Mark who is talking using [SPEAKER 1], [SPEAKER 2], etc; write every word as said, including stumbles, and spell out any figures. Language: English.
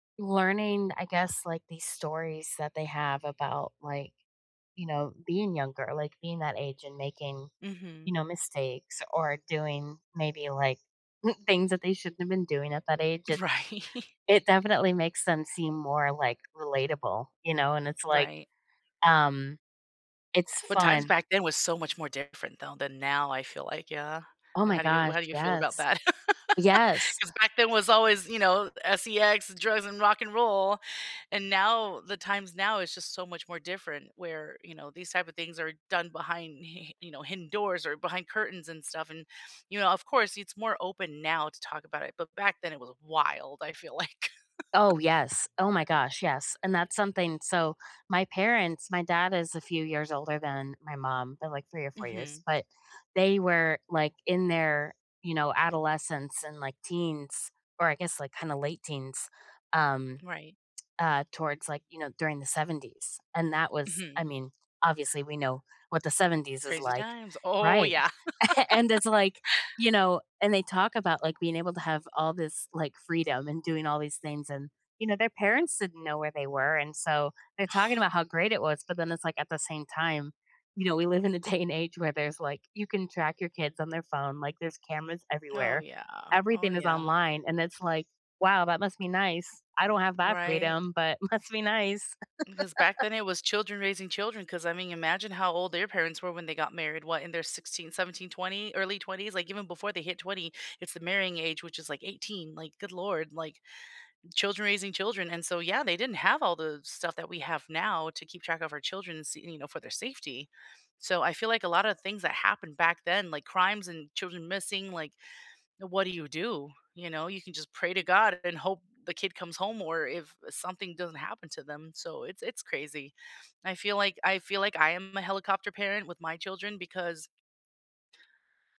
[SPEAKER 1] Learning, I guess, like these stories that they have about like, you know, being younger, like being that age and making, you
[SPEAKER 2] Mhm.
[SPEAKER 1] know, mistakes or doing maybe like things that they shouldn't have been doing at that age, it's
[SPEAKER 2] Right.
[SPEAKER 1] it definitely makes them seem more, like, relatable, you know, and it's like,
[SPEAKER 2] Right.
[SPEAKER 1] um, it's
[SPEAKER 2] But times
[SPEAKER 1] fun.
[SPEAKER 2] back then was so much more different, though, than now, I feel like yeah.
[SPEAKER 1] Oh my
[SPEAKER 2] How do you
[SPEAKER 1] gosh,
[SPEAKER 2] how do you feel
[SPEAKER 1] yes.
[SPEAKER 2] about that?
[SPEAKER 1] Yes!
[SPEAKER 2] 'Cause back then was always, you know, S-E-X, drugs, and rock and roll, and now the times now is just so much more different where, you know, these type of things are done behind hi hi you know, hidden doors or behind curtains and stuff, and, you know, of course, it's more open now to talk about it, but back then was wild, I feel like.
[SPEAKER 1] Oh, yes. Oh my gosh, yes, and that's something so, my parents my dad is a few years older than my mom, they're like three or four years,
[SPEAKER 2] Mhm.
[SPEAKER 1] but they were, like, in their, you know, adolescence and, like, teens, or I guess, like, kinda late teens, um,
[SPEAKER 2] Right.
[SPEAKER 1] uh, towards, like, you know, during the seventies, and that was I
[SPEAKER 2] Mhm.
[SPEAKER 1] mean, obviously we know what the seventies is
[SPEAKER 2] Crazy
[SPEAKER 1] like.
[SPEAKER 2] times. Oh,
[SPEAKER 1] Right,
[SPEAKER 2] yeah.
[SPEAKER 1] and it's, like, you know, and they talk about, like, being able to have all this, like, freedom and doing all these things and, you know, their parents didn't know where they were, and so, they're talking about how great it was, but then it's like, at the same time, you know, we live in a day and age where there's, like you can track your kids on their phone, like, there's cameras
[SPEAKER 2] Oh,
[SPEAKER 1] everywhere.
[SPEAKER 2] yeah. Oh,
[SPEAKER 1] Everything is
[SPEAKER 2] yeah.
[SPEAKER 1] online, and it's like, "Wow, that must be nice. I don't have that
[SPEAKER 2] Right.
[SPEAKER 1] freedom, but must be nice."
[SPEAKER 2] Because back then it was children raising children, 'cause, I mean, imagine how old their parents were when they got married, what, in their sixteen, seventeen, twenty early twenties, like, even before they hit twenty, it's the marrying age, which is, like, eighteen like, good lord, like, children raising children, and so, yeah, they didn't have all the stuff that we have now to keep track of our children s you know, for their safety, so, I feel like a lotta things that happened back then, like crimes and children missing, like, what do you, you know? You can just pray to God and hope the kid comes home, or if, eh, something doesn't happen to them, so it's it's crazy. I feel like I feel like I am a helicopter parent with my children because